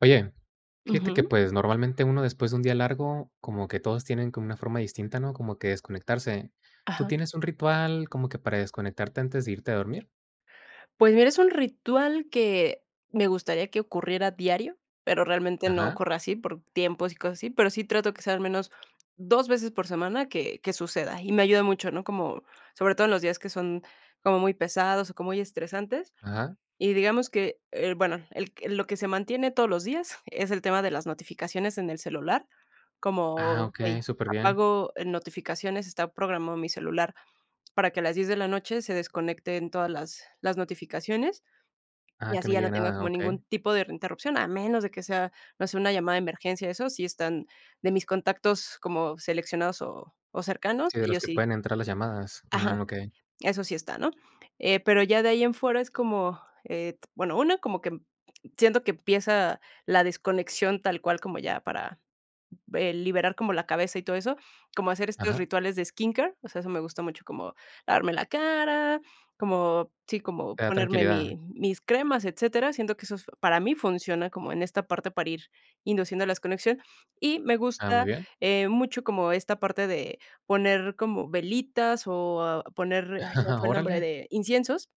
Oye, fíjate que, Ujú. pues, normalmente, uno después de un día largo, como que todos tienen como una forma distinta, ¿no?, como que de desconectarse. ¿Tú Ajá. tienes un ritual como que para desconectarte antes de irte a dormir? Pues mira, es un ritual que me gustaría que ocurriera a diario, pero realmente no Ajá. ocurre así, por tiempos y cosas así, pero sí trato que sea al menos 2 veces por semana que que suceda, y me ayuda mucho, ¿no?, como, sobre todo, en los días que son como muy pesados o como muy estresantes, Ajá. y digamos que, eh, bueno, el lo que se mantiene todos los días es el tema de las notificaciones en el celular, Ah, como: "Hey, okey, superbién. apago notificaciones," está programado mi celular para que a las 10 de la noche se desconecten todas las las notificaciones, Ah, y que así no ya no llegue tenga nada, como okey. ningún tipo de interrupción, a menos de que sea, no sé, una llamada de emergencia, eso sí están de mis contactos como seleccionados o o cercanos, Sí, de los ellos que sí. pueden entrar las llamadas. Ajá. Mm, okey. Eso sí está, ¿no?, eh, pero ya de ahí en fuera es como, eh, t bueno, una, como que m siento que empieza la desconexión tal cual como ya para, eh, liberar como la cabeza y todo eso, como hacer estos Ajá. rituales de skincare, o sea, eso me gusta mucho como lavarme la cara, como, sí, como Te da ponerme tranquilidad. mi mis cremas, etcétera. Siento que eso es para mí funciona como en esta parte para ir induciendo las conexion y me Ah, muy gusta bien. eh, mucho como esta parte de poner como velitas o poner ay, se me fue el nombre Órale. de inciensos.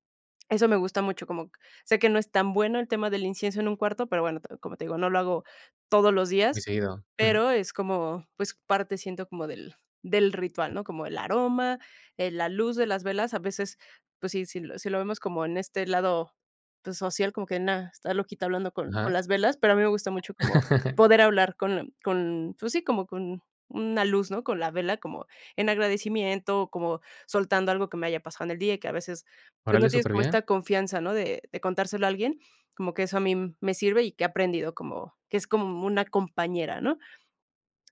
Eso me gusta mucho, como q sé que no es tan bueno el tema del incienso en un cuarto, pero bueno, como te digo, no lo hago todos los Muy días, seguido. Ujú. pero es como, pues, parte siento como del del ritual, ¿no?, como el aroma, eh, la luz de las velas, a veces, pues, si si lo si lo vemos como en este lado, pues, social, como que, nada, "Está loquita hablando con con Ajá. las velas," pero a mí me gusta mucho como poder hablar con con pues, sí, como con una luz, ¿no?, con la vela como en agradecimiento, como soltando algo que me haya pasado en el día y que a veces, pues, no Órale, tienes como superbién. esta confianza, ¿no?, de de contárselo a alguien, como que eso a mí me sirve y que he aprendido como que es como una compañera, ¿no?,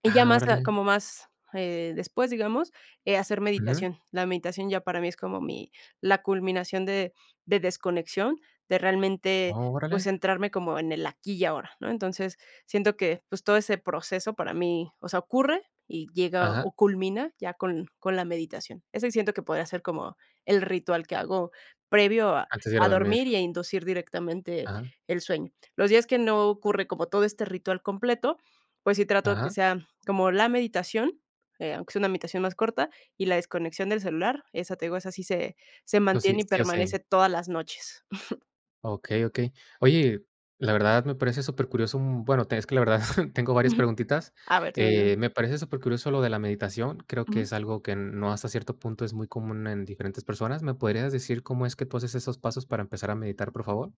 y ya Ah, más a órale. como más eh, después, digamos, eh, hacer Ujú. meditación. La meditación ya para mí es como mi la culminación de de desconexión, de realmente, Oh, pues, órale. centrarme como en el aquí y ahora, ¿no?, entonces, siento que, pues, todo ese proceso para mí, o sea, ocurre y llega Ajá. o culmina ya con con la meditación. Eso sí siento que podría ser como el ritual que hago previo a Antes de ir a a dormir. dormir y a inducir directamente Ajá. el sueño. Los días que no ocurre como todo este ritual completo, pues sí trato de que Ajá. sea como la meditación, eh, aunque sea una meditación más corta, y la desconexión del celular, esa te digo, esa sí se se Oh sí, mantiene y sí o sí. permanece todas las noches. Okey, okey. Oye, la verdad me parece supercurioso un bueno, es que la verdad tengo varias preguntitas. A ver. [unintelligible] Eh, me parece supercurioso lo de la meditación, creo que Ujú. es algo que n no hasta cierto punto es muy común en diferentes personas. ¿Me podrías decir cómo es que tu haces esos pasos para empezar a meditar, por favor?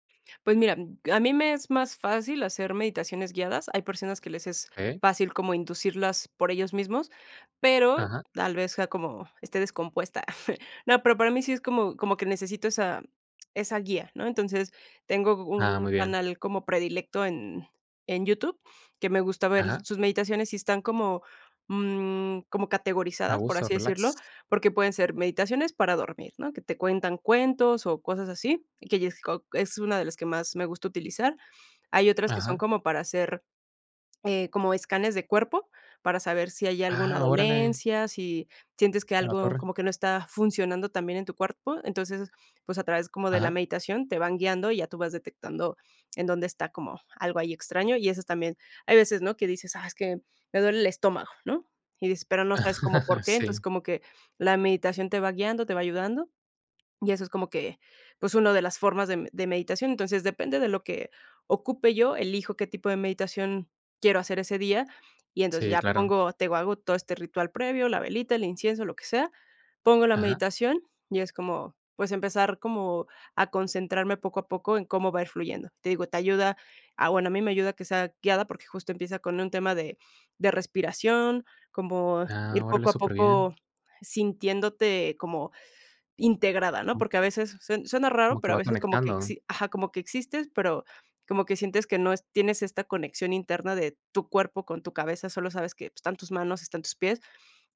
Pues mira, m g a mí me es más fácil hacer meditaciones guiadas, hay personas que les es Eh. fácil como inducirlas por ellos mismos, pero Ajá. tal vez sea como, esté descompuesta. No, pero para mí sí es como como que necesito esa esa guía, ¿no?, entonces, tengo Ah, un muy bien. canal como predilecto en en YouTube, que me gusta ver Ajá. sus meditaciones y están como mm, como A categorizadas, por gusto, así decirlo, relax. porque pueden ser meditaciones para dormir, ¿no?, que te cuentan cuentos o cosas así, que [unintelligible] es una de las que más me gusta utilizar. Hay otras que son Ajá. como para hacer, eh, como escáneres de cuerpo, para saber si hay alguna Ah, órale. dolencia, si sientes que A la algo torre. como que no está funcionando tan bien en tu cuerpo, entonces, pues, a través como de la Ajá. meditación te van guiando y ya tú vas detectando en dónde está como algo ahí extraño, y eso también hay veces, ¿no?, que dices: "Ah, es que me duele el estómago", ¿no?, y dices pero no sabes cómo por qué, entonces, Sí. como que la meditación te va guiando, te va ayudando, y eso es como que, pues, una de las formas de m de meditación, entonces, depende de lo que ocupe yo, elijo qué tipo de meditación quiero hacer ese día, y entonces, Sí, ya claro. pongo te digo hago todo este ritual previo, la velita, el incienso, lo que sea, pongo la Ajá. meditación y es como, pues, empezar como a concentrarme poco a poco en cómo va a ir fluyendo, te digo, te ayuda a bueno, a mí me ayuda que sea guiada, porque justo empieza con un tema de de respiración, como Ah, ir órale, poco a poco superbién. sintiéndote como integrada, ¿no?, porque a veces sue suena raro, ¿Como que pero a va veces como que conectando? exi ajá, como que existes, pero como que sientes que no es tienes esta conexión interna de tu cuerpo con tu cabeza, solo sabes que pues están tus manos, están tus pies,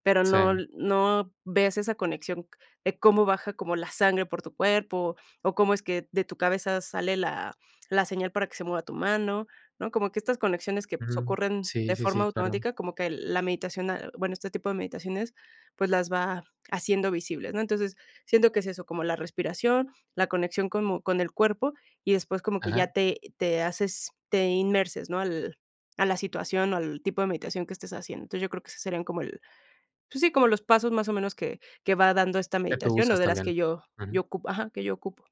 pero no Sí. no ves esa conexión de cómo baja como la sangre por tu cuerpo, o cómo es que de tu cabeza sale la la señal para que se mueva tu mano, ¿no?, como que estas conexiones que pues Ujú, ocurren sí, de sí, sí, forma claro. automática, como que la meditación, ah bueno, este tipo de meditaciones, pues, las va haciendo visibles, ¿no?, entonces, siento que es eso, como la respiración, la conexión como con el cuerpo, y después como que ya Ajá. te te haces te inmerses, ¿no?, al a la situación o al tipo de meditación que estés haciendo, entonces, yo creo que ese serían como el pues, sí, como los pasos más o menos que que va dando esta Qué tú meditación, o usas de las también. que yo yo Ujú. ocupo ajá, que yo ocupo.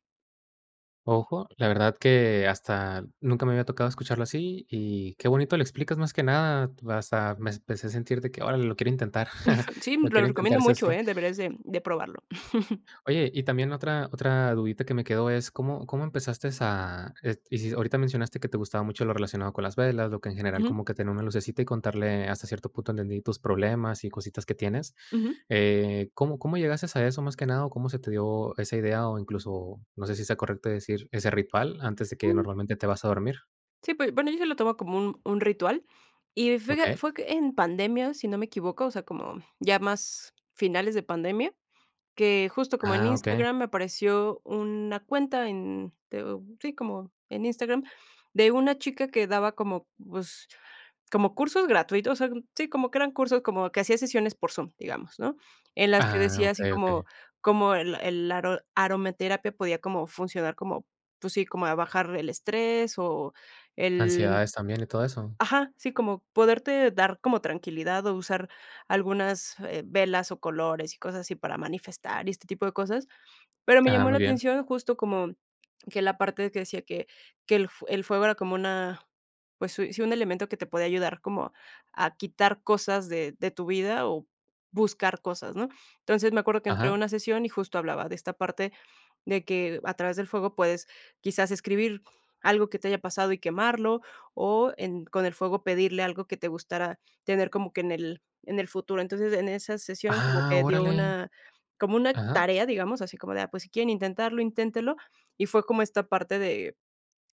Ajá, la verdad que hasta nunca me había tocado escucharlo así. Y qué bonito lo explicas más que nada, pues, a mes empecé a sentir de que, órale, lo quiero intentar, Sí, lo lo quiero recomiendo intentar, sí o mucho, sí. eh. Deberías de de probarlo. Oye, y también otra otra dudita que me quedó es, ¿cómo cómo empezaste a? Es- y sí ahorita mencionaste que te gustaba mucho lo relacionado con las velas, lo que en general Ujú. como que tenía como una lucecita y contarle ah, hasta cierto punto entendí tus problemas y cositas que tienes, Ujú. eh, ¿cómo cómo llegaste a eso más que nada? ¿O cómo se te dio esa idea, o incluso, no sé si sea correcto decir, ese ritual antes de que normalmente te vas a dormir? Sí, pues, bueno, yo ya lo tomo como un un ritual. Y fue que Okey. fue que en pandemia, si no me equivoco, o sea, como ya más finales de pandemia, que justo como en Ah, Okey. Instagram me apareció una cuenta en, te digo, sí, como en Instagram, de una chica que daba como, pues, como cursos gratui O sea, sí, como que eran cursos, como que hacía sesiones por Zoom, digamos, ¿no? En las que Ah, decía así okey, como okey. como el el aro aromaterapia podía como funcionar como, pues sí, como a bajar el estrés, o el el ¿Ansiedades también y todo eso? ajá, sí, como poderte dar como tranquilidad, o usar algunas, eh, velas, o colores y cosas así para manifestar, y este tipo de cosas. Pero me Ah, llamó muy la bien. atención justo como que la parte que decía que que el fue el fuego era como una, pues sui sí, un elemento que te podía ayudar como a quitar cosas de de tu vida, o buscar cosas, ¿no? Entonces, me acuerdo que entré en Ajá. una sesión, y justo hablaba de esta parte, de que a través del fuego puedes quizás escribir algo que te haya pasado y quemarlo, o en con el fuego pedirle algo que te gustara tener como que en el en el futuro. Entonces, en en esa sesión como Ah, que dio órale. una como una Ajá. tarea, digamos, así como de, ah, pues, si quieren intentarlo, inténtelo. Y fue como esta parte de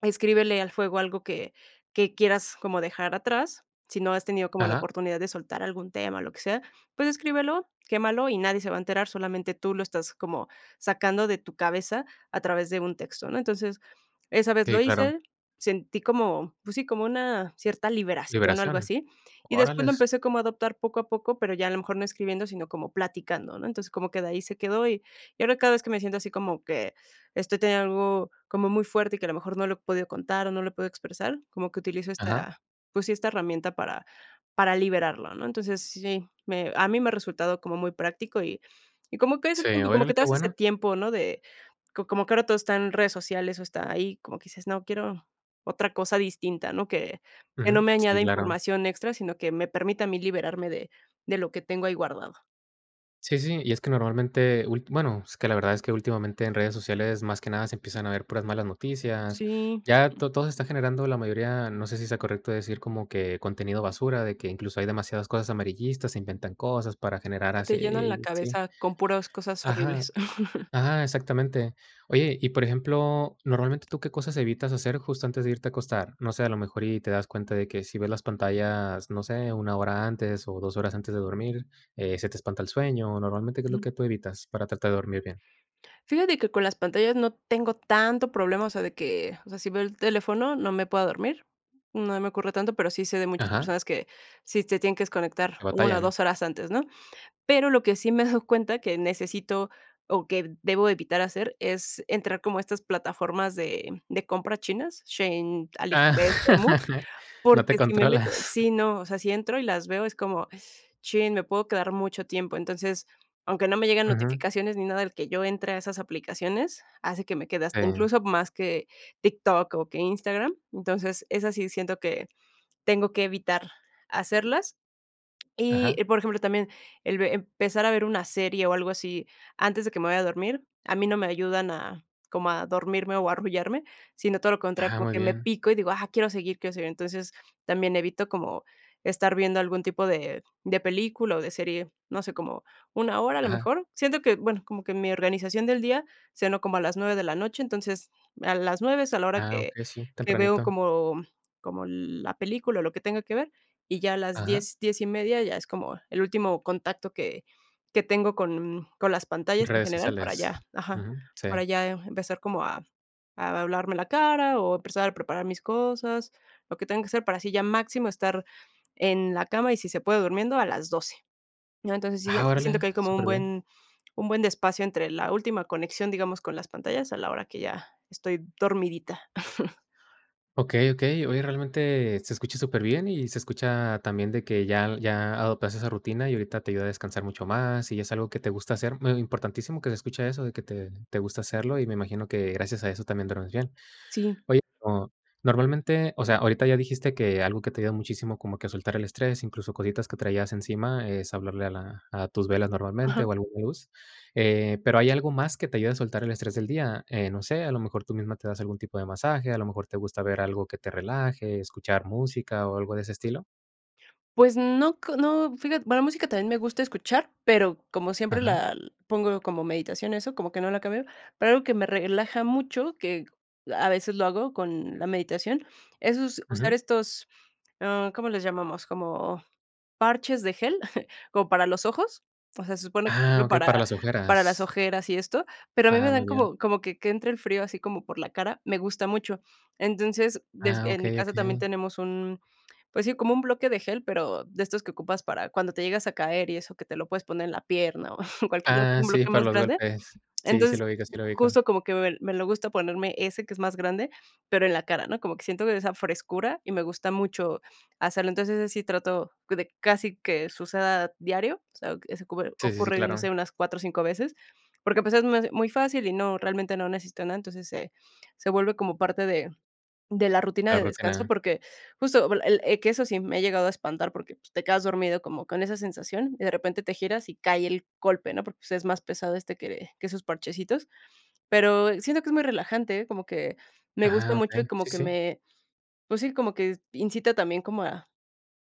escríbele al fuego algo que que quieras como dejar atrás, si no has tenido como la Ajá. oportunidad de soltar algún tema, lo que sea, pues escríbelo, quémalo, y nadie se va a enterar, solamente tú lo estás como sacando de tu cabeza a través de un texto, ¿no? Entonces, esa vez lo SÍ, claro. hice, sentí como, pues sí, como una cierta liberación, algo Liberación, así, y después lo órales. empecé como a adoptar poco a poco, pero ya a lo mejor no escribiendo, sino como platicando, ¿no? Entonces, como que de ahí se quedó. Y y ahora cada vez que me siento así como que estoy teniendo algo como muy fuerte y que a lo mejor no lo he podido contar o no lo he podido expresar, como que utilizo Ajá. esta, pues sí, esta herramienta para para liberarlo, ¿no? Entonces, sí, me a mí me ha resultado como muy práctico, y y como que ese Sí, tiempo, como órale, que te qué das ese bueno. tiempo, ¿no? de, co como que ahora todo está en redes sociales o está ahí, como que dices, no, quiero otra cosa distinta, ¿no? Que que no Ujú, me sí añada claro. información extra, sino que me permite a mí liberarme de de lo que tengo ahí guardado. Sí, sí, y es que normalmente, ult bueno, es que la verdad es que últimamente en redes sociales, más que nada se empiezan a ver puras malas noticias. Sí. Ya to todo se está generando la mayoría, no sé si sea correcto decir como que contenido basura, de que incluso hay demasiadas cosas amarillistas, inventan cosas para generar Sí, te llenan la así, sí cabeza con puras cosas ajá horribles. ajá, exactamente. Oye, y por ejemplo, normalmente, ¿tú qué cosas evitas hacer justo antes de irte a acostar? No sé, a lo mejor y te das cuenta de que si ves las pantallas, no sé, 1, hora antes, o 2, horas antes de dormir, eh, se te espanta el sueño, o normalmente, ¿qué es lo Ujú. que tú evitas, para tratar de dormir bien? Fíjate que con las pantallas no tengo tanto problema, o sea, de que, o sea, si veo el teléfono, no me pueda dormir. No se me ocurre tanto, pero, sí sé de muchas Ajá. personas que sí se tienen que desconectar ¿Que una o batallan? dos, horas antes, ¿no? Pero, lo que sí me he dado cuenta que necesito, o que debo de evitar hacer es entrar como a estas plataformas de de compra chinas, Shein, Ah, Aliexpress, Temu, no te porque, si me meto controlas. sí, no, o sea, si entro y las veo, es como,, chin, me puedo quedar mucho tiempo. Entonces, aunque no me llegan Ujú. notificaciones ni nada, el que yo entre a esas aplicaciones, hace que me quede Sí. incluso, más que TikTok o que Instagram. Entonces, es así, siento que tengo que evitar hacerlas. Ajá. Y, por ejemplo, también, el ve empezar a ver una serie, o algo así, antes de que me vaya a dormir, a mí no me ayudan a como a dormirme o a arrullarme, sino todo lo contrario, Ah, por muy que, me bien. pico y digo: "Ah, quiero seguir, quiero seguir". Entonces, también evito como estar viendo algún tipo de de película o de serie, no sé, como 1, hora, a lo Ajá. mejor. Siento que, bueno, como que mi organización del día, ceno como a las 9, de la noche, entonces, a las 9, es a la hora Ah, que okey, sí, que veo tempranito. como como la película, o lo que tenga que ver. Y ya a las Ajá. 10, 10 y media, ya es como el último contacto que que tengo con con las pantallas en ¿Redes general para sociales? ya ajá. Uju, Para sí. ya empezar como a a lavarme la cara o empezar a preparar mis cosas, lo que tengo que hacer para así ya máximo estar en la cama y si se puede durmiendo a las 12, ¿no? Entonces, sí Ah, sí siento órale, que hay como un superbién. buen un buen espacio entre la última conexión, digamos, con las pantallas, a la hora que ya estoy dormidita. Okey okey. Oye, realmente se escucha superbién y se escucha también, de que ya ya adoptaste esa rutina y ahorita te ayuda a descansar mucho más y es algo que te gusta hacer. Mm, eh, importantísimo que se escucha eso, de que te te gusta hacerlo y me imagino que gracias a eso también duermes bien. Sí. Oye, o normalmente, o sea, ahorita ya dijiste que algo que te ayuda muchísimo como que a soltar el estrés, incluso cositas que traías encima, es hablarle a la a tus velas normalmente, Ajá. o a alguna luz. Eh, pero, ¿hay algo más que te ayude a soltar el estrés del día? Eh, no sé, ¿a lo mejor tú misma te das algún tipo de masaje, a lo mejor te gusta ver algo que te relaje, escuchar música o algo de ese estilo? Pues no, cr no, fíjate, va la música también me gusta escuchar, pero, como siempre Ajá. la pongo como meditación, eso como que no la cambio, pero, algo que me relaja mucho, que a veces lo hago con la meditación, es usar Ujú. estos, ¿ah, cómo les llamamos? Como parches de gel, como para los ojos, o sea, se supone que Ah, sirve okey, para para las para las ojeras. ojeras y esto, pero, a mí me Ah, muy dan bien. como como que que entre el frío así como por la cara, me gusta mucho. Entonces, yo s Ah, en mi okey, casa también okey. tenemos un, pues sí, como un bloque de gel, pero, de estos que ocupas para cuando te llegas a caer y eso, que te lo puedes poner en la pierna o cualquier Ah, sí, golpe para más los grande. golpes. Sí, sí Entonces, lo ubico sí lo ubico. justo como que me me lo gusta ponerme ese que es más grande, pero, en la cara, ¿no? Como que siento que esa frescura y me gusta mucho hacerlo. Entonces, ese sí trato de casi que suceda diario, o sea, ese ocurre Sí, sí, sí, ocurre, no claro. sé, unas 4 o 5, veces, porque, ah, pues, es es muy fácil y no realmente no necesita nada, entonces se se vuelve como parte de de la rutina La de descanso, rutina. porque justo el el que eso sí me ha llegado a espantar porque, pues, te quedas dormido como con esa sensación y de repente te giras y cae el golpe, ¿no? Porque, pues, es más pesado este, que que esos parchecitos. Pero, siento que es muy relajante, Como que me gusta Ah, mucho y okey, como si que si. me, pues, sí, como que incita también como a,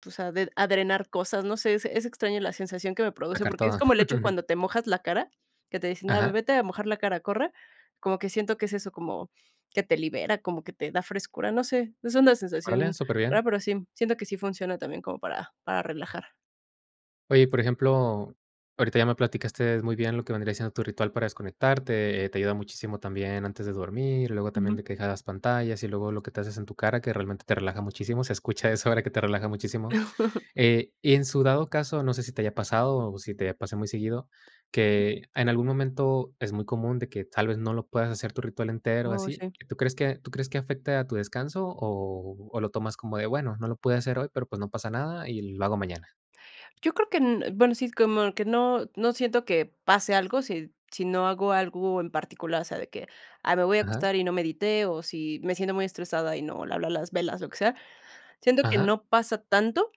o sea, de a drenar cosas, no sé, es es extraño la sensación que me produce, Sacar porque, es todo. como el hecho cuando te mojas la cara, que te dicen, ah, Ajá. vete a mojar la cara, corre, como que siento que es eso, como que te libera, como que te da frescura, no sé, es una Órale, sensación súper rara, bien. pero sí, siento que sí funciona también como para para relajar. Oye, y por ejemplo, ahorita ya me platicaste muy bien lo que vendría siendo tu ritual para desconectarte, eh, te ayuda muchísimo también antes de dormir, luego también Ujú. de que dejabas pantallas, y luego lo que te haces en tu cara, que realmente te relaja muchísimo, se escucha eso ahora que te relaja muchísimo. Eh, y en su dado caso, no sé, si te haya pasado, o si te pasa muy seguido, que en algún momento, es muy común de que tal vez no lo puedas hacer tu ritual entero Uy, así, sí. ¿y tú crees que tú crees que afecte a tu descanso, o o lo tomas como de bueno, no lo pude hacer hoy, pero, pues, no pasa nada y lo hago mañana? Yo creo que en bueno, sí, como que no no siento que pase algo, si si no hago algo en particular. O sea, de que: "Ay, me voy a Ajá. acostar y no medité", o si me siento muy estresada y no le hablé a las velas, lo que sea. Siento que Ajá. no pasa tanto,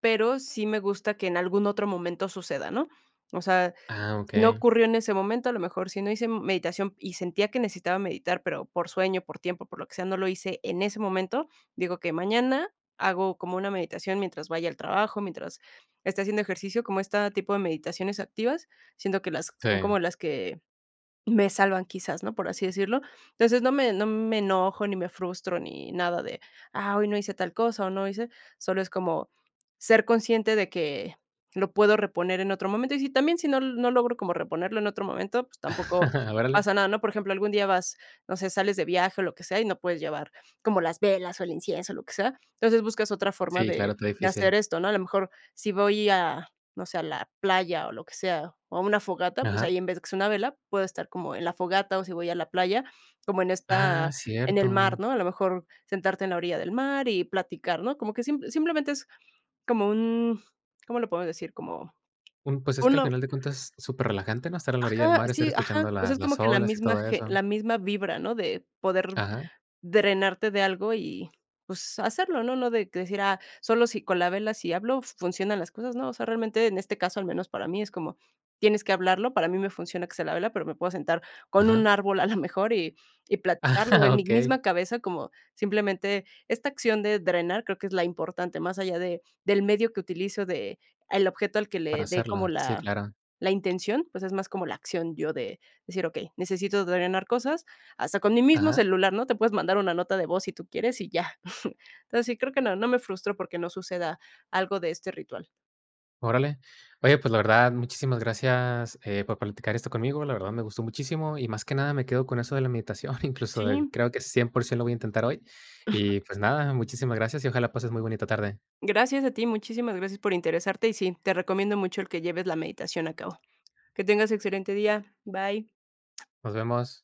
pero, sí me gusta que en algún otro momento suceda, ¿no? O sea, Ah, si no okey. ocurrió en ese momento, a lo mejor si no hice meditación y sentía que necesitaba meditar, pero, por sueño, por tiempo, por lo que sea, no lo hice en ese momento. Digo, que mañana hago como una meditación mientras vaya al trabajo, mientras esté haciendo ejercicio, como esta tipo de meditaciones activas, siento que las son Sí. como las que me salvan quizás, ¿no?, por así decirlo. Entonces, no me no me enojo, ni me frustro, ni nada de: "Ah, hoy no hice tal cosa, o no hice", solo es como ser consciente de que lo puedo reponer en otro momento. Y si también, si no no logro como reponerlo en otro momento, pues, tampoco Órale. pasa nada, ¿no? Por ejemplo, algún día vas, no sé, sales de viaje, o lo que sea, y no puedes llevar como las velas, o el incienso, o lo que sea. Entonces buscas otra forma Sí, claro, de está de hacer difícil. esto, ¿no? A lo mejor si voy a, no sé, a la playa, o lo que sea, o a una fogata, pues, Ajá. ahí en vez que sea una vela, puedo estar como en la fogata, o si voy a la playa, como en Ah, esta en el mar, cierto. ¿no? A lo mejor sentarte en la orilla del mar y platicar, ¿no? Como que simp simplemente es como un ¿Cómo le podemos decir? Como, Mm, pues, es que al uno final de cuentas es superrelajante, ¿no?, estar a la orilla del Ajá, mar y estar sí, ajá. escuchando a O la sea, es como las que la olas y misma todo ge eso. la misma vibra, ¿no?, de poder Ajá. drenarte de algo y, pues, hacerlo, ¿no? No de decir, ah, solo si con la vela si hablo funcionan las cosas, no. O sea, realmente, en este caso, al menos para mí es como, tienes que hablarlo, para mí me funciona que sea la vela, pero, me puedo sentar con Ajá. un árbol a la mejor y y platicarlo en mi Okey. misma cabeza como, simplemente esta acción de drenar creo que es la importante, más allá de del medio que utilizo del objeto al que Para le dé como hacerla, sí, la claro. la intención, pues, es más como la acción yo de decir, okey, necesito drenar cosas hasta con mi mismo Ajá. celular, ¿no? Te puedes mandar una nota de voz, si tú quieres y ya. Entonces sí creo que no no me frustro, porque, no suceda algo de este ritual. Órale. Oye, pues, la verdad, muchísimas gracias, eh, por platicar esto conmigo. La verdad, me gustó muchísimo y, más que nada, me quedo con eso de la meditación. Incluso, eh, Sí. creo que 100%, lo voy a intentar hoy. Y, pues, nada, muchísimas gracias y ojalá pases muy bonita tarde. Gracias a ti, muchísimas gracias por interesarte, y sí, te recomiendo mucho el que lleves la meditación a cabo. Que tengas excelente día, bye. Nos vemos.